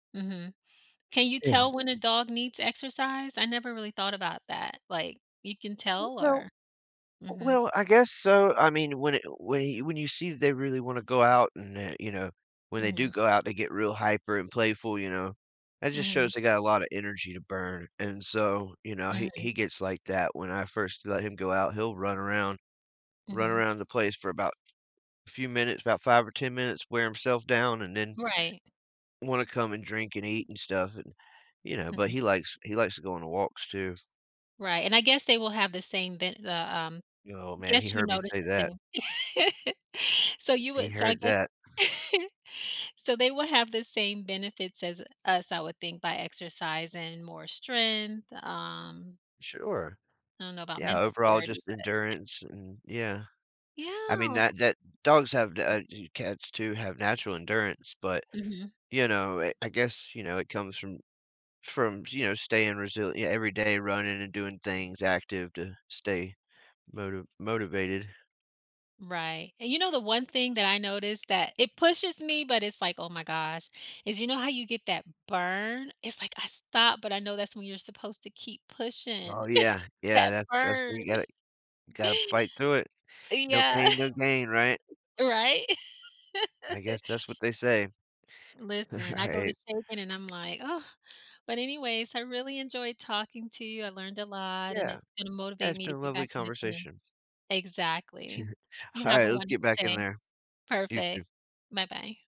Mhm. Can you tell [unintelligible] when a dog needs exercise? I never really thought about that. Like, you can I tell don't or uh, Mhm. well, I guess so. I mean, when it when he when you see that they really wanna go out and, uh, you know, when they do Mhm. go out, they get real hyper and playful, you know. That just Mhm. shows they got a lotta energy to burn. And so, you know, he Mhm. he gets like that. When I first let him go out, he'll run around, run Mhm. around the place for about few minutes, about 5 or 10 minutes, wear himself down, and then Right. wanna come and drink and eat and stuff. And, you know, but Mhm. he likes he likes to go on walks too. Right, and I guess they will have the same ve the, um Y oh man, he guess you heard me noticed say that. the same. So you He would so I heard gue that. so they will have the same benefits as us, I would think, by exercising, more strength, um Sure. I don't know about Yeah, mental overall, clarity, just but endurance and yeah. I mean, Yeah. that that dogs have d uh, do cats too have natural endurance, but, Mhm. you know, eh, I guess, you know, it comes from from, you know, staying resilie yeah every day, running and doing things, active to stay moti motivated. Right. And you know, the one thing that I noticed that it pushes me, but it's like, "Oh my gosh," is, you know how you get that burn? It's like, I stop but I know that's when you're supposed to keep Oh, pushing. yeah. Yeah, That that's that's burn. what you gotta you gotta fight through it. No Yeah. pain, no gain, right? Right. I guess that's what they say. Listen, I go to Right. shaping and I'm like, "Oh," but anyways, I really enjoyed talking to you. I learned a lot and Yeah, it's gonna yeah, motivate it's me been to a get lovely back in the gym. conversation. Exactly. You have Alright, a let's get wonderful back in day. there. You too. Perfect. Bye-bye.